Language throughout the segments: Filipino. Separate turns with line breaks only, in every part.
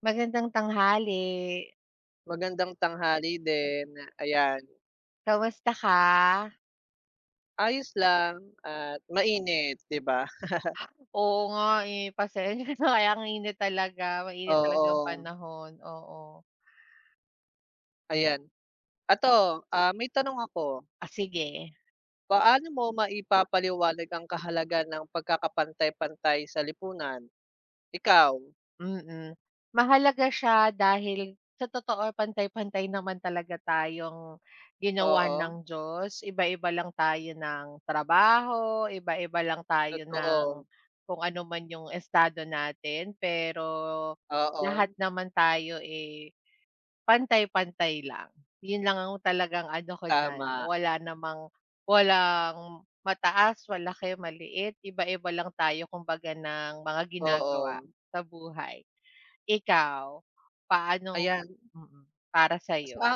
Magandang tanghali.
Magandang tanghali din, ayan.
Kamusta ka?
Ayos lang at mainit 'di ba?
Oo nga, eh, pasensya na kaya ang init talaga, mainit talaga yung
Oo.
panahon, oo.
Ayan. Eto, ah, may tanong ako.
Ah, sige.
Paano mo maipapaliwanag ang kahalagan ng pagkakapantay-pantay sa lipunan, ikaw?
Mm. Mahalaga siya dahil sa totoo, pantay-pantay naman talaga tayong ginawa
Oo.
ng Diyos, iba-iba lang tayo ng trabaho, iba-iba lang tayo ng
Totoo.
kung ano man yung estado natin, pero lahat
Oo.
naman tayo, eh, pantay-pantay lang. Yun lang ang talagang ano ko d'yan,
Tama.
wala namang walang mataas, malaki, maliit, iba-iba lang tayo kumbaga ng mga ginagawa
Oo.
sa buhay. Ikaw paano
Ayan
mm, para sayo?
Sa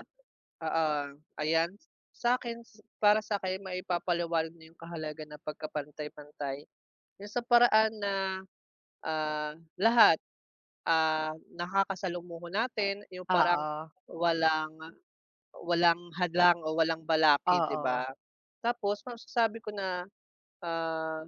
oo ayan. Sa akin, para sa'kin maipapaliwanag nyo yung kahalagan ng pagkapantay-pantayn yung sa paraan na, ah, lahat, ah, nakakasalumuho natin, yung parang
Oo.
walang walang hadlang o walang balakid 'di
Oo.
ba? Tapos masasabi ko na, ah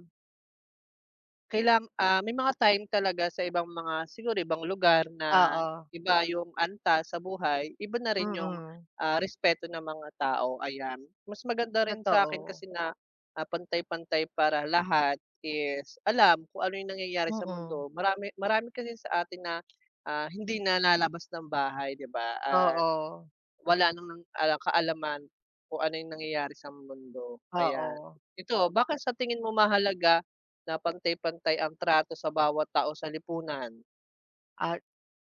Kailan ah, may mga time talaga sa ibang mga siguro ibang lugar na
Oo.
iba yung antas sa buhay, iba na rin yung,
Mm.
ah, respeto ng mga tao, ayan. Mas maganda rin sa'kin
Totoo.
kasi na, ah, pantay-pantay para lahat is alam kung ano yung nangyayari sa
Mm.
mundo. Marami marami kasing sa atin na, ah, hindi nalalabas ng bahay 'di ba? At
Oo.
wala ng kaalaman kung ano yung nangyayari sa mundo ayan.
Oo.
Ito, bakit sa tingin mo mahalaga na pantay-pantay ang trato sa bawat tao sa lipunan?
Ah,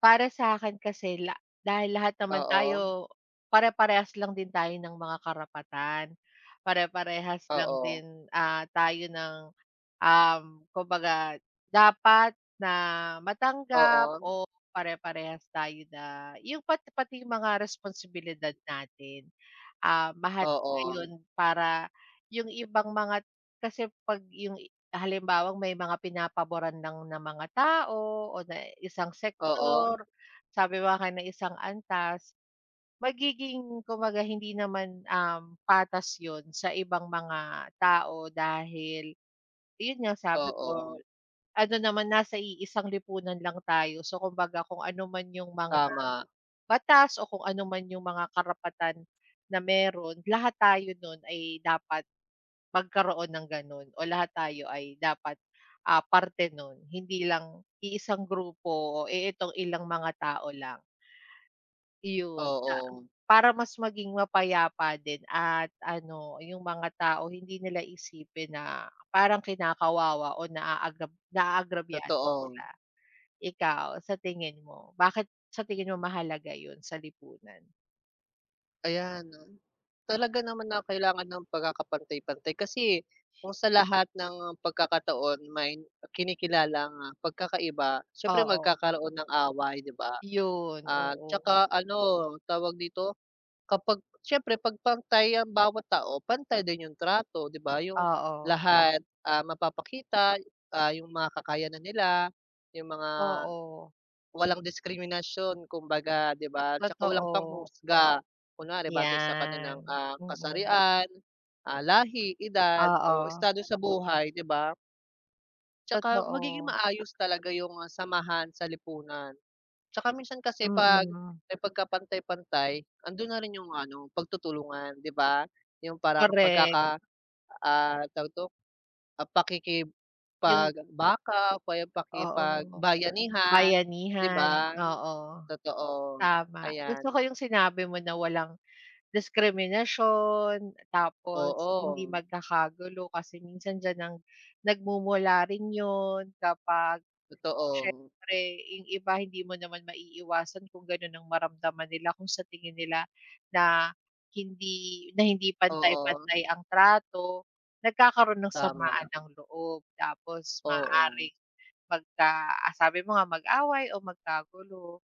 para sa'kin kasi la dahil lahat naman
Oo.
tayo pare-parehas lang din tayo ng mga karapatan. Pare-parehas lang
Oo.
din, ah, tayo ng, um, kumbaga dapat na matanggap
Oo.
o pare-parehas tayo na yung pati pati mga responsibilidad natin. Ah, mahalaga
Oo.
yon para yung ibang mga kasi 'pag yung halimbawang may mga pinapaboran lang ng mga tao o na isang
Oo.
sektor, sabi mo nga ng isang antas. Magiging kumbaga hindi naman, um, patas yun sa ibang mga tao, dahil yun nga sabi
Oo.
ko ano naman nasa iisang lipunan lang tayo. So kumbaga kung ano man yung mga,
Tama.
batas o kung ano man yung mga karapatan na meron. Lahat tayo nun ay dapat magkaroon ng ganon, o lahat tayo ay dapat, ah, parte nun, hindi lang iisang grupo o itong ilang mga tao lang. 'Yon na
Oo.
para mas maging mapayapa din at ano yung mga tao hindi nila isipin na parang kinakawawa o naag naagrabyado sila.
Totoo.
Ikaw sa tingin mo, bakit sa tingin mo mahalaga yun sa lipunan?
Ayan, 'no. Talaga naman na kailangan ng pagkakapantay-pantay. Kasi kung sa lahat ng pagkakataon may kinikilalang, ah, pagkakaiba, siyempre
Oo.
magkakaroon ng away, 'di ba?
'Yon,
At
oo.
saka, ano, tawag dito, kapag siyempre 'pag pantay ang bawat tao pantay din 'yong trato, 'di ba. 'Yong
Oo.
lahat, ah, mapapakita, ah, 'yong mga kakayanan nila, 'yong mga
Oo.
walang diskriminasyon kumbaga, 'di ba, 'tsaka walang
Totoo.
panghuhusga, kunwari batay sa kanilang,
Iyan,
ah,
mhm.
kasarian, ah, lahi, edad o
Oo.
estado sa buhay, 'di ba? 'Tsaka magiging
Totoo.
maayos talaga 'yong, ah, samahan sa lipunan. 'Tsaka minsan kasi 'pag,
Mhm.
eh, pagkapantay-pantay ando'n na rin 'yong, ano, pagtutulungan, 'di ba, 'yong parang
Korek.
pagkaka ah, tawag dito, ah,
'Yong
pakikipagbaka o kaya
Oo.
pakipagbayanihan, 'di
Bayanihan,
ba?
oo.
Totoo,
Tama.
ayan.
Gusto ko 'yong sinabi mo na walang diskriminasyon, tapos hindi
Oo.
magkakagulo, kasi minsan d'yan ang nagmumula rin 'yon kapag,
Totoo.
siyempre, 'yong iba hindi mo naman maiiwasan kung gano'n ang maramdaman nila kung sa tingin nila na hindi na hindi
Oo.
pantay-pantay ang trato. Nagkakaroon ng samaan
Tama.
ng loob. Tapos
Oo.
maaaring magka sabi mo nga mag-away o magkagulo.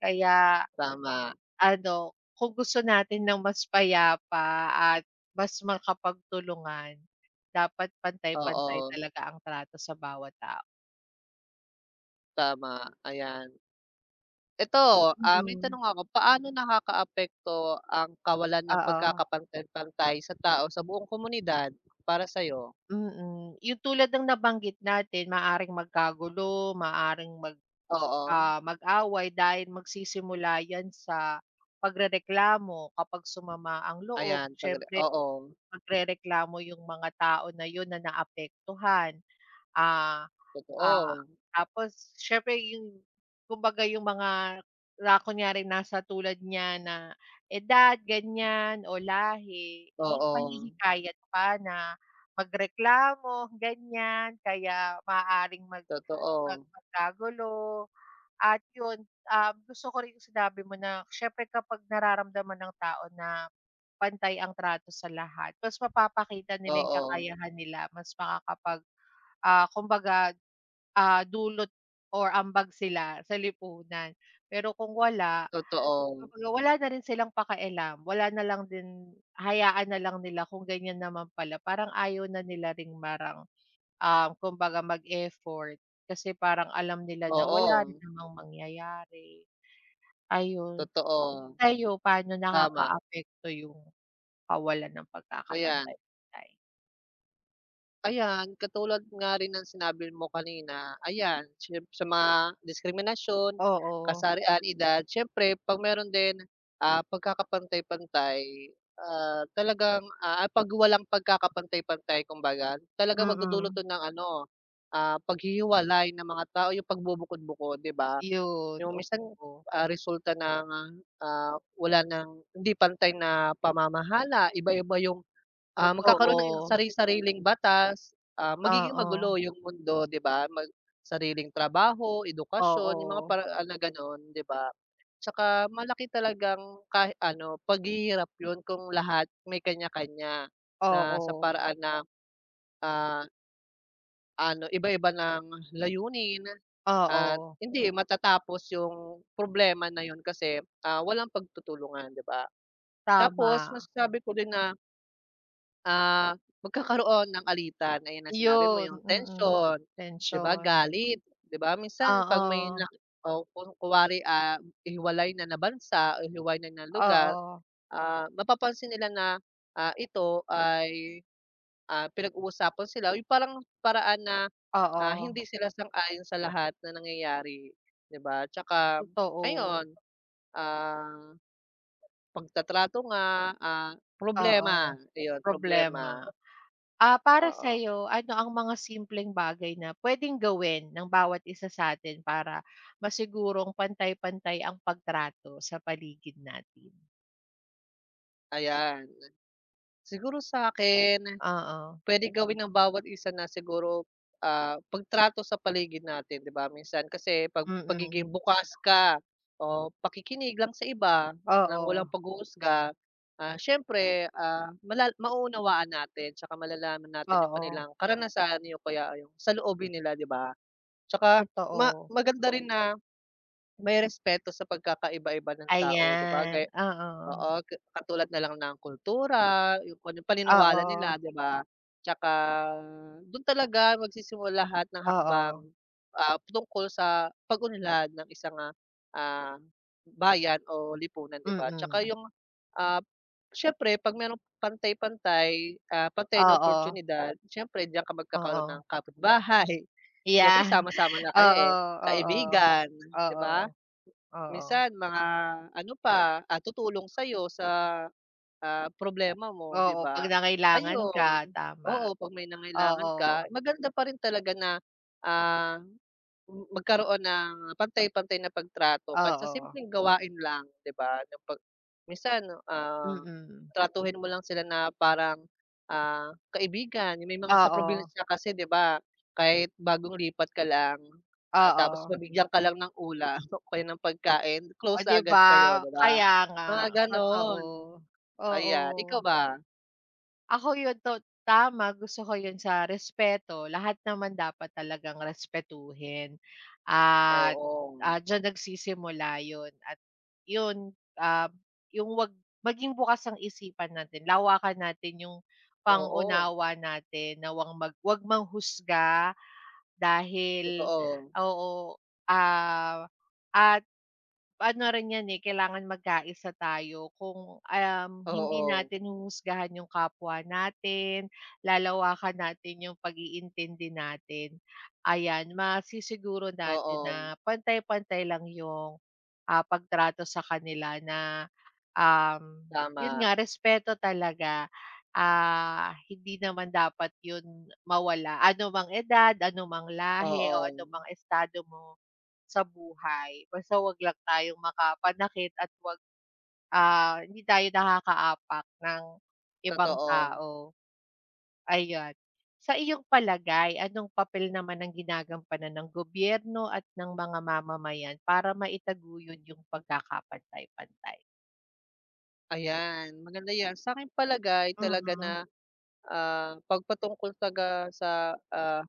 Kaya,
Tama.
ano, kung gusto natin ng mas payapa at mas makapagtulungan, dapat pantay-pantay
Oo.
talaga ang trato sa bawat tao.
Tama, ayan. Eto, ah, may
Mm.
tanong ako. Paano nakakaapekto ang kawalan ng
Oo.
pagkakapantay-pantay sa tao sa buong komunidad para sa'yo?
Mm. 'Yung tulad ng nabanggit natin, maaaring magkagulo, maaaring mag,
Oo.
ah, mag-away dahil magsisimula 'yan sa pagrereklamo kapag sumama ang loob.
Ayan, sandali,
Siyempre
oo.
magrereklamo 'yung mga tao na 'yun na naapektuhan. Ah, ah,
Totoo.
tapos siyempre, 'yung kumbaga 'yung mga na-kunyari rin nasa tulad niya na edad, ganyan, o lahi,
Oo.
ipa-hihikayat pa na magreklamo, ganyan. Kaya maaaring mag mag
Totoo.
magkagulo. At 'yun, ah, gusto ko rin 'yung sinabi mo na siyempre kapag nararamdaman ng tao na pantay ang trato sa lahat, mas mapapakita nila 'yung
Oo.
kakayahan nila, mas makakapag, ah, kumbaga, ah, dulot or ambag sila sa lipunan. Pero kung wala,
Totoo.
wala na rin silang pakialam. Wala na lang din, hayaan na lang nila kung ganyan naman pala. Parang ayaw na nila rin, parang, ah, kumbaga mag-effort kasi parang alam nila na wala rin
Oo.
namang mangyayari. Ayun.
Totoo.
Kayo, paano
Tama.
nakakaapekto 'yung kawalan ng
Ayan.
pagkakapantay-pantay?
Ayan, katulad nga rin ng sinabi mo kanina, ayan siyemp sa mga diskriminasyon,
Oo.
kasarian, edad, siyempre 'pag meron din, ah, pagkakapantay-pantay, ah, talagang, ah, 'pag walang pagkakapantay-pantay kumbaga, talagang magdudulot
Mm.
'to ng ano, ah, paghihiwalay ng mga tao, yung pagbubukod-bukod 'di ba?
Iyun,
Yung minsan,
oo.
ah, resulta ng, ah, wala ng hindi pantay na pamamahala, iba-iba yung ah, magkakaroon ng
Totoo.
sari-sariling batas, ah, magiging magulo
Oo.
yung mundo 'di ba? Mag sariling trabaho, edukasyon yung mga
Oo.
paraan na gano'n, 'di ba? Tsaka malaki talagang kahit ano paghihirap yun kung lahat may kanya-kanya na sa
Oo.
paraan na, ah ano iba-iba ng layunin at
Oo.
hindi matatapos yung problema na yun kasi, ah, walang pagtutulungan 'di ba? Tapos
Tama.
masabi ko din na ah, magkakaroon ng alitan, gaya ng sinabi mo
Iyun,
yung
mm,
tensyon, 'di ba
tension.
galit, 'di ba minsan 'pag may
Oo.
na o kun kunwari, ah, hihiwalay na na bansa o hihiwalay na ng lugar,
Oo.
ah, mapapansin nila na, ah, ito ay, ah, pinag-uusapan sila, yung parang paraan na, ah,
Oo.
hindi sila sang-ayon sa lahat ng nangyayari, 'di ba? Tsaka
Totoo.
ayon, ah, pagtatrato nga, ah, problema
Oo,
iyun, problema.
problema. Ah, para
Oo.
sa'yo ano ang mga simpleng bagay na pwedeng gawin ng bawat isa sa'tin para masigurong pantay-pantay ang pagtrato sa paligid natin?
Ayan. Siguro sa akin
Oo.
puwede gawin ng bawat isa na siguro, ah, pagtrato sa paligid natin 'di ba, minsan kasi pag pagiging
Mm.
bukas ka o pakikinig lang sa iba ng
Oo.
walang paghuhusga. Ah, siyempre, ah, mala mauunawaan natin 'tsaka malalaman natin yung
Oo.
kanilang karanasan, o kaya ay sa loobin nila 'di ba? Tsaka ma
Totoo.
maganda rin na, may respeto sa pagkakaiba-iba ng tao 'di ba gay
Ayan, oo.
oo ga katulad nalang ng kultura, yung kung anong paniniwala nila
Oo.
'di ba, tsaka dun talaga magsisimula lahat ng hakbang,
Oo.
ah, tungkol sa pag-unlad ng isang, ah, ah, bayan o lipunan 'di ba? Tsaka
Mm.
yung, ah, siyempre 'pag mayroong pantay-pantay, ah, pantay na
Oo.
oportyunidad, siyempre d'yan ka magkakaroon ng
Oo.
kapitbahay, siyempre
'Yan.
sama-sama na kayo
Oo,
eh.
oo.
Kaibigan 'di
Oo.
ba?
Oo.
Minsan mga ano pa, ah, tutulong sa'yo sa, ah, problema mo 'di
Oo,
ba?
'pag nangailangan
Ayun,
ka, tama.
oo, 'pag may nangailangan
Oo.
ka, maganda pa rin talaga na, ah, m magkaroon ng pantay-pantay na pagtrato kahit sa
Oo.
simpleng gawain lang 'di ba? Na 'pag minsan, ah,
Mm.
tratuhin mo lang sila na parang, ah, kaibigan yung may mga sa
Oo.
probinsya kasi 'di ba, kahit bagong lipat ka lang, ah, tapos
Oo.
mabigyan ka lang ng ulam o kaya ng pagkain,
Oh
close na
'di ba?
agad kayo 'di ba?
Kaya nga
Mga
totoo,
gano'n,
oo.
ayan, ikaw ba?
Ako 'yon, to tama gusto ko 'yon, sa respeto lahat naman dapat talagang respetuhin at,
Oo.
ah, diyan nagsisimula 'yon at 'yon, ah, 'yong 'wag maging bukas ang isipan natin lawakan natin 'yong
Oo.
pang-unawa natin na, wang 'wag mang manghusga dahil
Totoo.
oo ah, at ano rin 'yan eh kailangan magkaisa tayo kung um, hindi
Oo.
natin huhusgahan 'yong kapwa natin, lalawakan natin 'yong pag-iintindi natin. Ayan masisiguro natin
Oo.
na pantay-pantay lang 'yong, ah, pagtrato sa kanila na, um, 'yon
Tama.
nga respeto talaga, ah, hindi naman dapat 'yon mawala anumang edad, anumang lahi, o anumang
Oo.
estado mo sa buhay, basta 'wag lang tayong makapanakit at 'wag, ah, hindi tayo nakakaapak ng ibang
Totoo.
tao. Ayan, sa iyong palagay anong papel naman ang ginagampanan ng gobyerno at ng mga mamamayan para maitaguyod 'yong pagkakapantay-pantay?
Ayan, maganda yan sa'king palagay talaga
Mhm.
na, ah, 'pag patungkol talaga sa ah,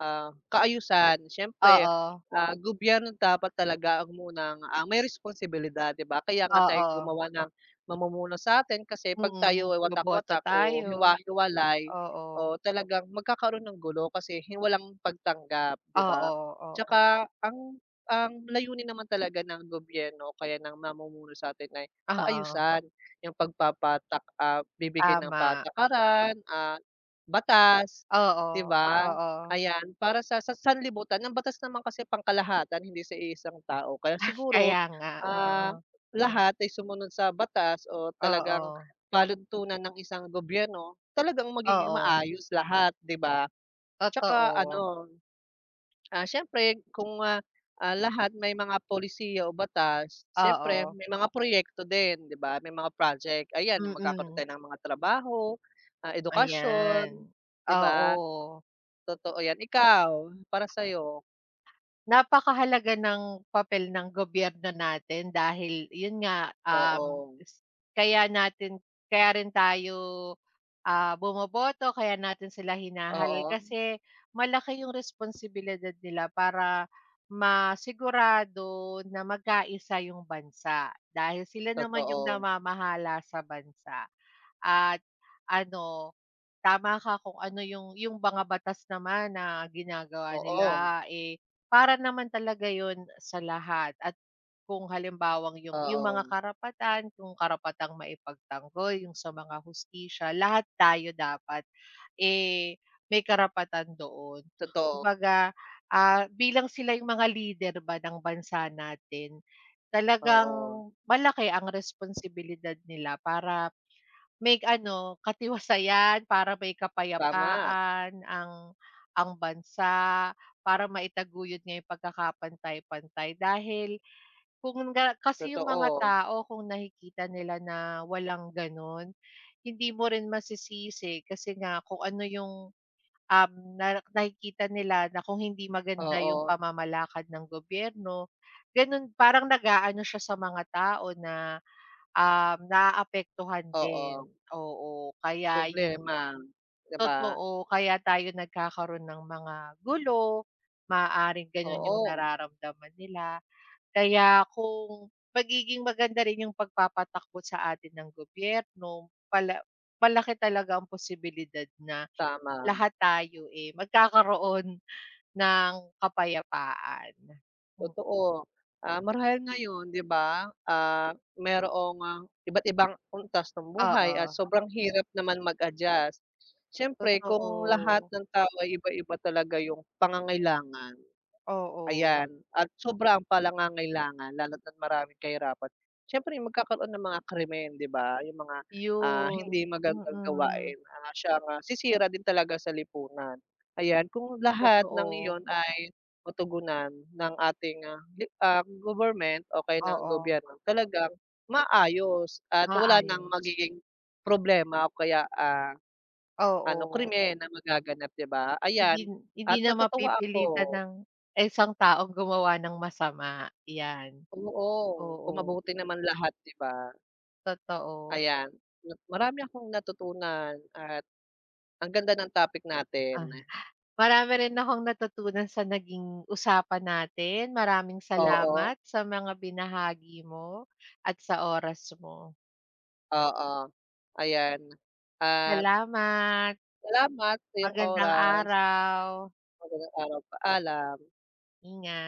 ah, kaayusan siyempre
Oo.
ah, gobyerno dapat talaga ang munang, ah, may responsibilidad di ba? Kaya nga tayo
Oo.
gumawa ng mamumuno satin kasi 'pag
Hmm,
tayo ay
boboto
watak-watak o
tayo.
hiwa-hiwalay,
Oo.
o talagang magkakaroon ng gulo kasi walang pagtanggap di ba?
Oo, oo.
'Tsaka ang ang layunin naman talaga ng gobyerno o kaya ng mamumuno sa atin ay
Oo.
kaayusan, yung pagpapatak ah, bibigay ng
Tama.
patakaran at batas
Oo,
di ba?
oo.
Ayan para sa sa sanlibutan ang batas naman kasi pangkalahatan hindi sa iisang tao, kaya siguro,
Kaya nga,
ah,
oo.
lahat ay sumunod sa batas o talagang
Oo.
panuntunan ng isang gobyerno, talagang magiging
Oo.
maayos lahat di ba? 'Tsaka
Totoo.
ano, ah, siyempre kung ah, ah, lahat may mga polisiya o batas, siyempre
Oo.
may mga proyekto din, di ba may mga project, ayan yung magkakaroon
Mm.
tayo ng mga trabaho, ah, edukasyon
Ayan,
di ba?
oo.
Totoo yan, ikaw, para sa'yo?
Napakahalaga ng papel ng gobyerno natin dahil yun nga, um,
Oo.
kaya natin kaya rin tayo ah, bumoboto, kaya natin sila hinahalal
Oo.
kasi malaki yung responsibilidad nila para masigurado na magkaisa yung bansa, dahil sila naman yung
Totoo.
namamahala sa bansa. At ano, tama ka kung ano yung yung mga batas naman na ginagawa
Oo.
nila eh, para naman talaga yun sa lahat at kung halimbawang yung yung mga
Oo.
karapatan kung karapatang maipagtanggol yung sa mga hustisya lahat tayo dapat, eh, may karapatan doon,
Totoo.
kumbaga ah, bilang sila yung mga leader ba ng bansa natin, talagang
Oo.
malaki ang responsibilidad nila para may ano katiwasayan, para may
Tama.
kapayapaan ang ang bansa, para maitaguyod ngayong pagkakapantay-pantay dahil kung nga kasi yung mga
Totoo.
tao kung nakikita nila na walang ganun, hindi mo rin masisisi kasi nga kung ano yung, um, na nakikita nila na kung hindi maganda yung
Oo.
pamamalakad ng gobyerno, ganun parang nag-aano siya sa mga tao na, um, naaapektuhan
Oo.
din, oo, kaya yung
Problema, di ba?
totoo kaya tayo nagkakaroon ng mga gulo, maaaring gano'n yung
Oo.
nararamdaman nila, kaya kung pagiging maganda rin yung pagpapatakbo sa atin ng gobyerno, pala malaki talaga ang posibilidad na
Tama.
lahat tayo eh, magkakaroon ng kapayapaan, hmm.
Totoo, ah, marahil ngayon di ba, ah, mayroong iba't ibang antas ng buhay at
Oo.
sobrang hirap naman mag-adjust. Siyempre kung lahat
Totoo.
ng tao ay iba-iba talaga yung pangangailangan,
Oo.
ayan at sobrang pangangailangan lalo na't maraming kahirapan, siyempre magkakaroon ng mga krimen di ba yung mga, ah,
Yun,
hindi magandang
mm.
gawain na siyang ah, sisira din talaga sa lipunan, ayan kung lahat ng
Totoo.
iyon ay matugunan ng ating, ah, di ah, government o kaya ng
Oo.
gobyerno talagang maayos at wala ng
Maayos.
magiging problema o kaya, ah, ano
Oo.
krimen na magaganap di ba
Hindi
ayan
hindi
at
na
natutuwa
mapipilitan
ako.
ng ang isang taong gumawa ng masama, yan.
Oo, kung
Oo.
mabuti naman lahat di ba?
Totoo.
Ayan, so marami akong natutunan at ang ganda ng topic
Ah,
natin.
marami rin akong natutunan sa naging usapan natin, maraming
Oo.
salamat sa mga binahagi mo at sa oras mo.
Oo, ayan, at
Salamat.
salamat sa iyong
Magandang
oras.
araw.
Magandang araw, paalam.
Ingat.